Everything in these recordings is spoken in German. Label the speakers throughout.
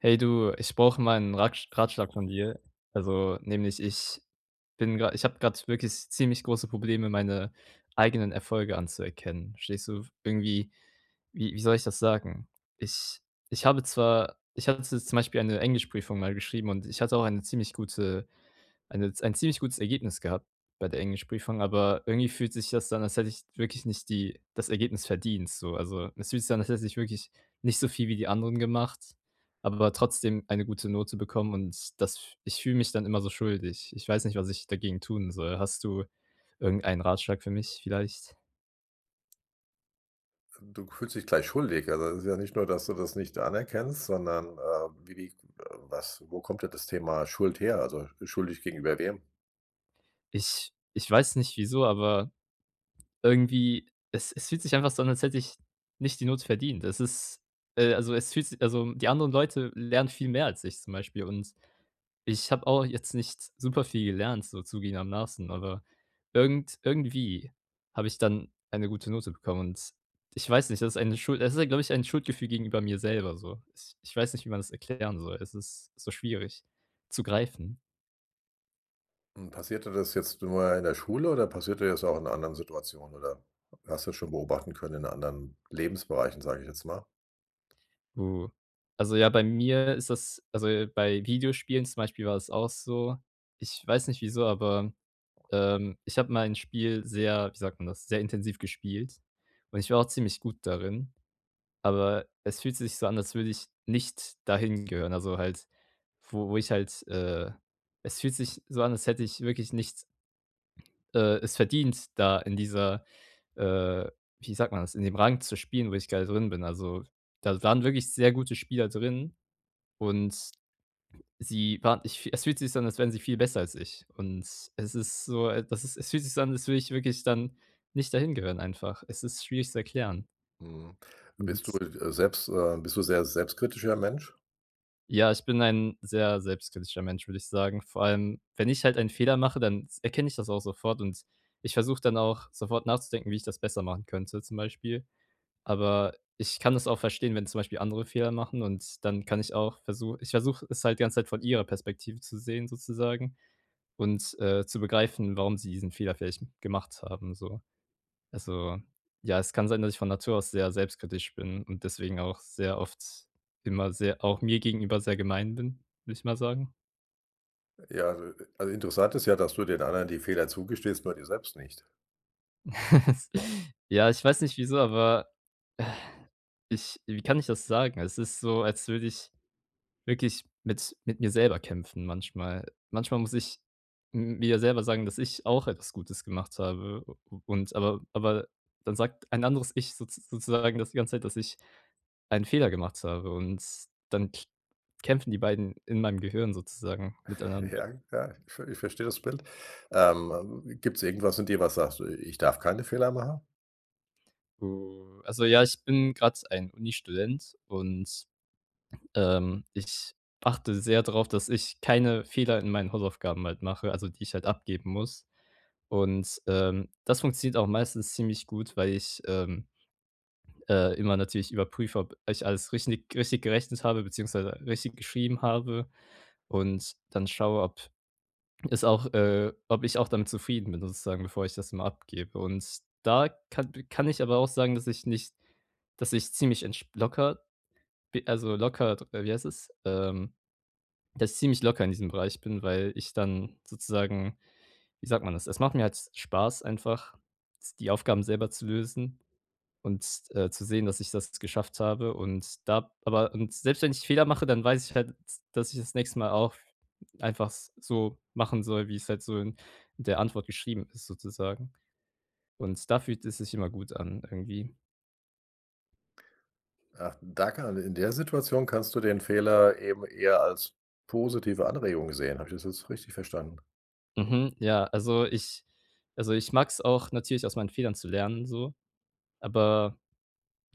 Speaker 1: Hey du, ich brauche mal 'nen Rat Ratschlag von dir. Also, nämlich ich bin gerade ich habe gerade wirklich s ziemlich große Probleme, meine eigenen Erfolge anzuerkennen. Verstehst du? Irgendwie, wie wie soll ich das sagen? Ich ich habe zwar ich hatte z zum Beispiel eine Englischprüfung mal geschrieben und ich hatte auch eine ziemlich gute eine ein ziemlich gutes Ergebnis gehabt bei der Englischprüfung, aber irgendwie fühlt sich das an, als hätte ich wirklich nicht die das Ergebnis verdient so. Also, es fühlt sich an, als hätte ich wirklich nicht so viel wie die anderen gemacht, aber da trotzdem eine gute Note bekommen und das ich fühle mich dann immer so schuldig. Ich weiß nicht, was ich dagegen tun soll. Hast du irgendeinen Ratschlag für mich vielleicht?
Speaker 2: Ähm, du fühlst dich gleich schuldig. Also, es ist ja nicht nur, dass du das nicht anerkennst, sondern, äh, wie wie was wo kommt denn das Thema Schuld her? Also, äh, schuldig gegenüber wem?
Speaker 1: Ich ich weiß nicht wieso, aber irgendwie, es es fühlt sich einfach so und als hätte ich nicht die Note verdient. Es ist äh, also, es fühlt sich also, die anderen Leute lernen viel mehr als ich zum Beispiel. Und ich habe auch jetzt nicht superviel gelernt, so zugebenermaßen, aber irgend irgendwie habe ich dann eine gute Note bekommen. Und ich weiß nicht, das ist eine Schuld das ist ja, glaube ich, ein Schuldgefühl gegenüber mir selber so. Ich ich weiß nicht, wie man das erklären soll. Es ist so schwierig zu greifen.
Speaker 2: Und passiert dir das jetzt nur in der Schule oder passiert dir das auch in anderen Situationen oder hast du schon beobachten können in anderen Lebensbereichen, sage ich jetzt mal?
Speaker 1: Uh. Also, ja, bei mir ist das also, bei Videospielen zum Beispiel war es auch so. Ich weiß nicht wieso, aber, ähm, ich habe mein Spiel sehr, wie sagt man das, sehr intensiv gespielt. Und ich war auch ziemlich gut darin, aber es fühlte sich so an, als würde ich nicht dahin gehören. Also, halt wo wo ich halt, äh es fühlt sich so an, als hätte ich wirklich nichts äh, es verdient, da in dieser, äh, wie sagt man das, in dem Rang zu spielen, wo ich gerade drin bin. Also, da waren wirklich sehr gute Spieler drin und sie waren ich es fühlt sich an, als wären sie viel besser als ich. Und es ist so das ist es fühlt sich so an, als würde ich wirklich dann, nicht dahin gehören einfach. Es ist schwierig zu erklären.
Speaker 2: Mhm. Bist du,
Speaker 1: [unintelligible]
Speaker 2: äh, selbst, äh bist du sehr selbstkritischer Mensch?
Speaker 1: Ja, ich bin ein sehr selbstkritischer Mensch, würde ich sagen. Vor allem, wenn ich halt einen Fehler mache, dann erkenne ich das auch sofort. Und ich versuche dann auch sofort nachzudenken, wie ich das besser machen könnte zum Beispiel. Aber ich kann das auch verstehen, wenn zum Beispiel andere Fehler machen und dann kann ich auch versu ich versuche es halt die ganze Zeit von ihrer Perspektive zu sehen sozusagen und, äh, zu begreifen, warum sie diesen Fehler vielleicht gemacht haben so. Also, ja, es kann sein, dass ich von Natur aus sehr selbstkritisch bin und deswegen auch sehr oft immer sehr auch mir gegenüber sehr gemein bin, würde ich mal sagen.
Speaker 2: Ja, also, äh also, interessant ist ja, dass du den anderen die Fehler zugestehst, nur dir selbst nicht.
Speaker 1: Ja, ich weiß nicht wieso, aber ich wie kann ich das sagen? Es ist so, als würde ich wirklich mit mit mir selber kämpfen manchmal. Manchmal muss ich m mir ja selber sagen, dass ich auch etwas Gutes gemacht habe. U u und aber aber dann sagt ein anderes ich so sozusagen das die ganze Zeit, dass ich einen Fehler gemacht habe. Und dann k kämpfen die beiden in meinem Gehirn sozusagen miteinander.
Speaker 2: Ja, ja, ich ve ich versteh das Blind. Ähm, äh, gibt's irgendwas in dir, was sagt: „Ich ich darf keine Fehler machen?
Speaker 1: Oh, also, ja, ich bin grad ein Unistudent und, ähm, ich achte sehr drauf, dass ich keine Fehler in meinen Hausaufgaben halt mache, also, die ich halt abgeben muss. Und, ähm, das funktioniert auch meistens ziemlich gut, weil ich, ähm, äh, immer natürlich überprüfe, ob ich alles richtig richtig gerechnet habe, beziehungsweise richtig geschrieben habe. Und dann schaue, ob es auch, äh ob ich auch damit zufrieden bin sozusagen, bevor ich das immer abgebe. Und da kann kann ich aber auch sagen, dass ich nicht dass ich ziemlich entsp locker b also, locker wie heißt es, ähm das ich ziemlich locker in diesem Bereich bin, weil ich dann sozusagen, wie sagt man das? Es macht mir halt Spaß einfach, die Aufgaben selber zu lösen und, äh, zu sehen, dass ich das geschafft habe und da aber und selbst wenn ich Fehler mache, dann weiß ich halt, d dass ich das nächste mal auch einfach s so machen soll, wie's halt so in der Antwort geschrieben ist sozusagen. Und da fühlt es sich immer gut an irgendwie.
Speaker 2: Ach, da kann in der Situation kannst du den Fehler eben eher als positive Anregung sehen. Habe ich das jetzt richtig verstanden?
Speaker 1: Mhm, ja, also, ich also, ich mag's auch natürlich, aus meinen Fehlern zu lernen so, aber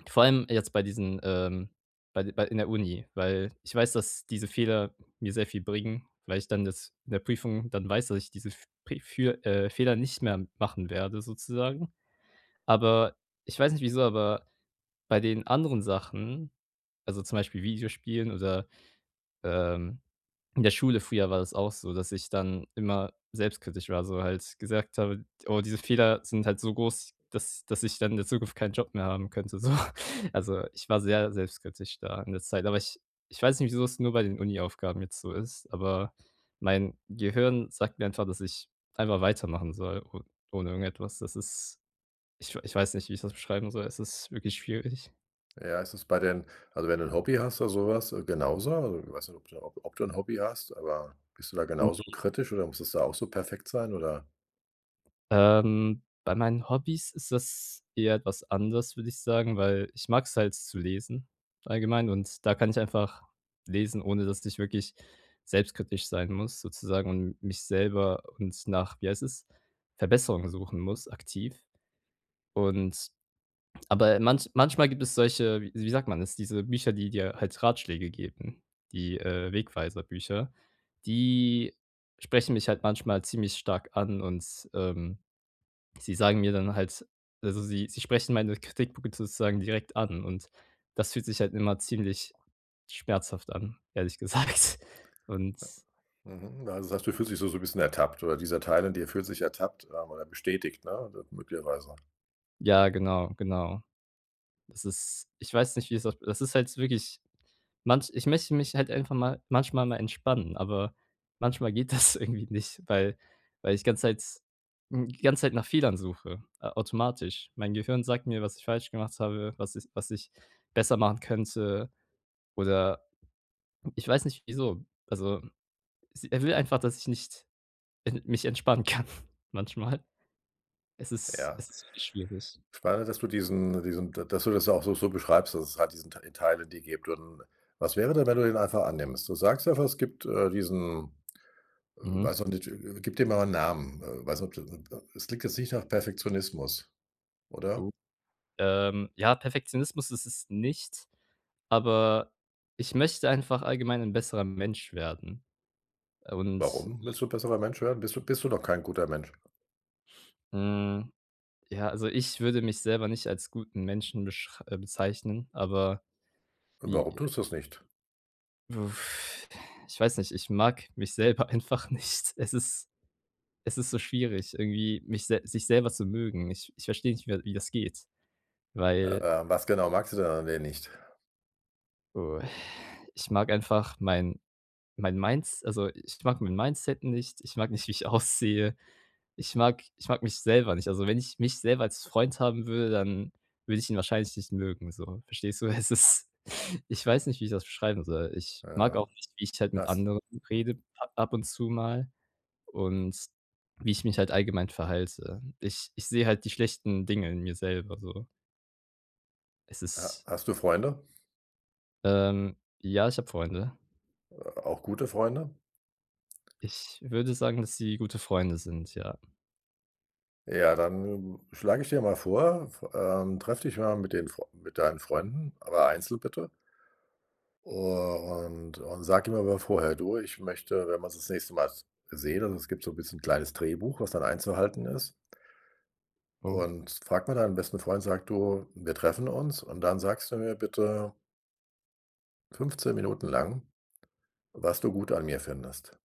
Speaker 1: vor allem jetzt bei diesen, ähm bei bei in der Uni, weil ich weiß, dass diese Fehler mir sehr viel bringen, weil ich dann das in der Prüfung dann weiß, dass ich diese F Pre für, äh Fehler nicht mehr machen werde sozusagen. Aber ich weiß nicht wieso, aber, bei den anderen Sachen, also, zum Beispiel Videospielen oder, ähm in der Schule früher war das auch so, dass ich dann immer selbstkritisch war, so halt gesagt habe: „Oh, diese Fehler sind halt so groß, dass dass ich dann in der Zukunft keinen Job mehr haben könnte, so.“ Also, ich war sehr selbstkritisch da in der Zeit, aber ich ich weiß nicht wieso's nur bei den Uni Aufgaben jetzt so ist, aber mein Gehirn sagt mir einfach, dass ich einfach weitermachen soll o ohne irgendetwas. Das ist. Ich ich weiß nicht, wie ich das beschreiben soll. Es ist wirklich schwierig.
Speaker 2: Ja, ist das bei den also, wenn du 'n Hobby hast oder so was genauso? Also, ich weiß nicht, ob du ob du 'n Hobby hast, aber bist du da genauso
Speaker 1: [unintelligible]
Speaker 2: kritisch oder muss das da auch so perfekt sein, oder
Speaker 1: Ähm. Bei meinen Hobbys ist das eher etwas anders, würde ich sagen, weil ich mag's halt zu lesen allgemein und da kann ich einfach lesen, ohne dass ich wirklich selbstkritisch sein muss sozusagen und mich selber und nach, wie heißt es, Verbesserungen suchen muss aktiv. Und aber manch manchmal gibt es solche, wie wie sagt man das, diese Bücher, die dir halt Ratschläge geben, die, äh, Wegweiser-Bücher, die sprechen mich halt manchmal ziemlich stark an und, ähm, sie sagen mir dann halt also, sie sie sprechen meine Kritikpunkte sozusagen direkt an. Und das fühlt sich halt immer ziemlich schmerzhaft an, ehrlich gesagt. Und
Speaker 2: Äh, mhm. Also, du sagst, du fühlst sich so so 'n bisschen ertappt oder dieser Teil in dir fühlt sich ertappt, sagen wir mal, bestätigt, ne? D möglicherweise.
Speaker 1: Ja, genau, genau. Das ist ich weiß nicht, wie's auf das ist halt wirklich manch ich möchte mich halt einfach mal manchmal mal entspannen, aber manchmal geht das irgendwie nicht, weil weil ich ganze Zeit hm, die ganze Zeit nach Fehlern suche automatisch. Mein Gehirn sagt mir, was ich falsch gemacht habe, was ich was ich besser machen könnte oder ich weiß nicht, wieso. Also, s er will einfach, dass ich nicht, äh, mich entspannen kann manchmal. Es ist
Speaker 2: Ja.
Speaker 1: es ist wirklich schwierig.
Speaker 2: Spannend, dass du diesen diesen dass du das auch so so beschreibst, dass es halt diesen Tei Teile, in dir gibt und was wäre denn, wenn du den einfach annimmst? Du sagst ja, es gibt, äh, diesen
Speaker 1: Mhm.
Speaker 2: weiß noch nicht gib dem mal 'n Namen. Äh, weiß nicht ob du [unintelligible] es liegt jetzt nicht nach Perfektionismus,
Speaker 1: Uh,
Speaker 2: oder?
Speaker 1: ähm. Ja, Perfektionismus ist es nicht, aber ich möchte einfach allgemein ein besserer Mensch werden. Und,
Speaker 2: Warum
Speaker 1: äh
Speaker 2: willst du besserer Menschen werden? Bist du bist du noch kein guter Mensch?
Speaker 1: Mhm. Ja, also, ich würde mich selber nicht als guten Menschen beschr äh, bezeichnen, aber
Speaker 2: Und warum
Speaker 1: wie
Speaker 2: tust du's nicht?
Speaker 1: Ich weiß nicht, ich mag mich selber einfach nicht. Es ist es ist so schwierig irgendwie, mich sel sich selber zu mögen. Ich ich versteh nicht mehr, wie das geht, weil
Speaker 2: Äh. Was genau, magst du denn an dir nicht?
Speaker 1: Oh, ich mag einfach mein mein Mins also, ich mag mein Mindset nicht. Ich mag nicht, wie ich aussehe. Ich mag ich mag mich selber nicht. Also, wenn ich mich selber als Freund haben würde, dann würde ich ihn wahrscheinlich nicht mögen so. Verstehst du? Es ist ich weiß nicht, wie ich das beschreiben soll. Ich mag auch
Speaker 2: Ja,
Speaker 1: nicht, wie ich halt mit
Speaker 2: das
Speaker 1: anderen
Speaker 2: hm.
Speaker 1: rede a ab und zu mal und wie ich mich halt allgemein verhalte. Ich ich sehe halt die schlechten Dinge in mir selber so. Es
Speaker 2: Ha
Speaker 1: ist
Speaker 2: hast du Freunde?
Speaker 1: Ähm, ja, ich hab Freunde.
Speaker 2: A auch gute Freunde?
Speaker 1: Ich würde sagen, dass sie gute Freunde sind, ja.
Speaker 2: Ja, dann schlage ich dir mal vor, f ähm, treffe dich mal mit den mit deinen Freunden, aber einzeln bitte. U und und sag ihm aber vorher: „Du, ich möchte, wenn man sich das nächste Mal s sehen“ also, es gibt so 'n bisschen 'n kleines Drehbuch, was dann einzuhalten ist.
Speaker 1: Oh.
Speaker 2: Und frage mal deinem besten Freund, sage: „Du, wir treffen uns. Und dann sagst du mir bitte" „15 Minuten lang, was du gut an mir findest.“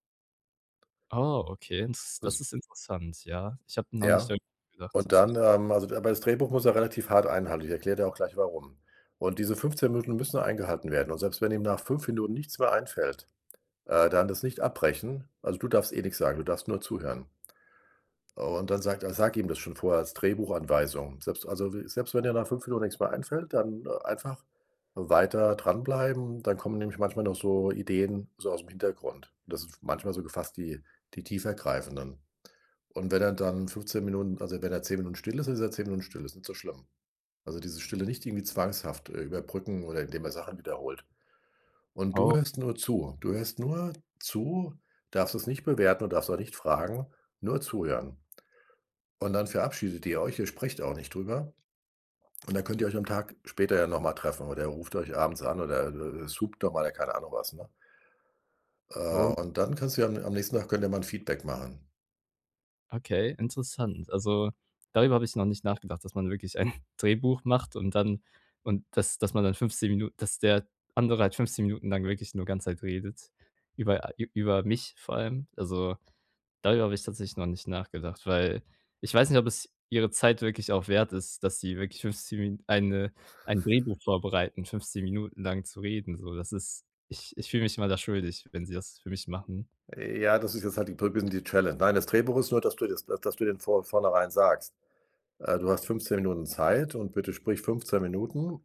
Speaker 1: Oh, okay, und s das
Speaker 2: [unintelligible]
Speaker 1: ist interessant, ja. Ich habe noch nicht
Speaker 2: Ja?
Speaker 1: darüber nachgedacht
Speaker 2: Und
Speaker 1: tatsächlich.
Speaker 2: dann, ähm, also, d aber das Drehbuch muss er relativ hart einhalten. Ich erkläre dir auch gleich, warum. Und diese 15 Minuten müssen eingehalten werden. Und selbst wenn ihm nach 5 Minuten nichts mehr einfällt, äh, dann das nicht abbrechen. Also, du darfst eh nix sagen, du darfst nur zuhören. Und dann sagt er sag ihm das schon vor als Drehbuchanweisung. Selbst also, we selbst wenn dir nach 5 Minuten nix mehr einfällt, dann einfach weiter dranbleiben, dann kommen nämlich manchmal noch so Ideen so ausm Hintergrund. Das ist manchmal so gefasst die die tiefergreifenden. Und wenn er dann 15 Minuten, also, wenn er 10 Minuten still ist, ist er 10 Minuten still, ist nicht so schlimm. Also, diese Stille nicht irgendwie zwanghaft, äh, überbrücken oder in dem er Sachen wiederholt. Und du
Speaker 1: Oh.
Speaker 2: hörst nur zu. Du hörst nur zu, darfst es nicht bewerten und darfst auch nicht fragen, nur zuhören. Und dann verabschiedet ihr euch, ihr sprecht auch nicht drüber. Und dann könnt ihr euch am Tag später ja noch mal treffen oder ihr ruft euch abends an oder, äh, äh, äh, [unintelligible] doch mal, ja keine Ahnung was, ne? Äh,
Speaker 1: Oh.
Speaker 2: und dann kannst du ja am nächsten Tag könnt ihr mal 'n Feedback machen.
Speaker 1: Okay, interessant. Also, darüber habe ich noch nicht nachgedacht, dass man wirklich ein Drehbuch macht und dann und dass dass man dann 15 Minu dass der andere halt 15 Minuten lang wirklich nur ganze Zeit redet über a ü über mich vor allem. Also, darüber habe ich tatsächlich noch nicht nachgedacht, weil ich weiß nicht, ob es ihre Zeit wirklich auch wert ist, dass sie wirklich 15 Min eine ein Drehbuch vorbereiten, 15 Minuten lang zu reden so. Das ist ich ich fühl mich immer da schuldig, wenn sie das für mich machen.
Speaker 2: Ja, das ist jetzt halt die Pr bisschen die Challenge nein, das Drehbuch nur, dass du jetzt dass du den vor vornherein sagst, äh, du hast 15 Minuten Zeit und bitte sprich 15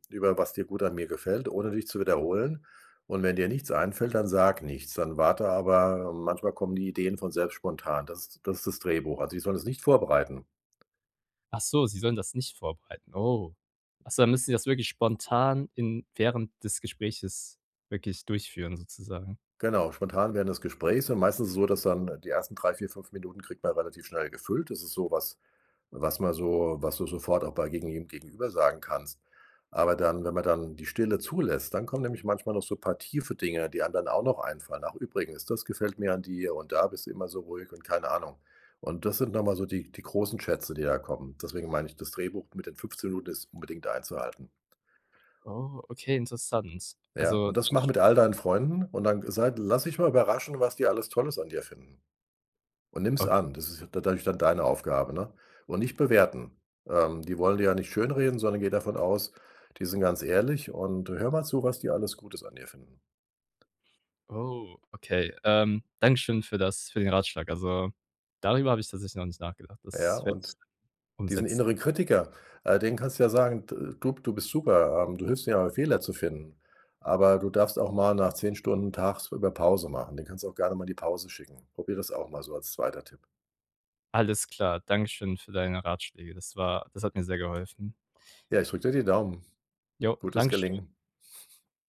Speaker 2: über was dir gut an mir gefällt, ohne dich zu wiederholen. Und wenn dir nichts einfällt, dann sag nichts. Dann warte aber, manchmal kommen die Ideen von selbst spontan. Das das ist das Drehbuch. Also, die sollen das nicht vorbereiten.
Speaker 1: Achso, sie sollen das nicht vorbereiten. Oh. Achso, dann müssen sie das wirklich spontan in während des Gespräches, wirklich durchführen sozusagen.
Speaker 2: Genau. Spontan während des Gesprächs dann meistens so, dass dann die ersten 3, 4 5 Minuten kriegt man relativ schnell gefüllt. Das ist so was, was man so was du sofort auch bei gegen jedem gegenüber sagen kannst. Aber dann wenn man dann die Stille zulässt, dann kommen nämlich manchmal noch so paar Tiefe Dinge, die einem dann auch noch einfallen. Ach übrigens, das gefällt mir an dir und da bist immer so ruhig und keine Ahnung. Und das sind noch mal so die die großen Schätze, die da kommen. Deswegen meine ich, das Drehbuch mit den 15 Minuten ist unbedingt einzuhalten.
Speaker 1: Oh, okay, interessant.
Speaker 2: Ja,
Speaker 1: Also.
Speaker 2: und das machen
Speaker 1: [unintelligible]
Speaker 2: mit all deinen Freunden und dann sei lass dich mal überraschen, was die alles Tolles an dir finden. Und nimm's
Speaker 1: O
Speaker 2: an, das ist ja da dadurch dann deine Aufgabe, ne? Und nicht bewerten. Ähm, die wollen dir ja nicht schönreden, sondern gehe davon aus, die sind ganz ehrlich und hör mal zu, was die alles Gutes an dir finden.
Speaker 1: Oh, okay. Ähm, Dankeschön für das für den Ratschlag. Also, darüber habe ich tatsächlich noch nicht nachgedacht.
Speaker 2: Ja.
Speaker 1: Das werde ich
Speaker 2: Und
Speaker 1: [unintelligible]
Speaker 2: diesen
Speaker 1: umsetzen.
Speaker 2: innere Kritiker, äh, den kannst du ja sagen: „D du b du bist super. Ähm, du hilfst mir, Fehler zu finden, Aber du darfst auch mal nach 10 Stunden tagsüber Pause machen.“ Den kannst auch gerne mal die Pause schicken. Probier das auch mal so als 2. Tipp.
Speaker 1: Alles klar. Dankeschön für deine Ratschläge. Das war das hat mir sehr geholfen.
Speaker 2: Ja, ich drücke dir die Daumen.
Speaker 1: Jo,
Speaker 2: Gutes
Speaker 1: dankeschön.
Speaker 2: Gelingen.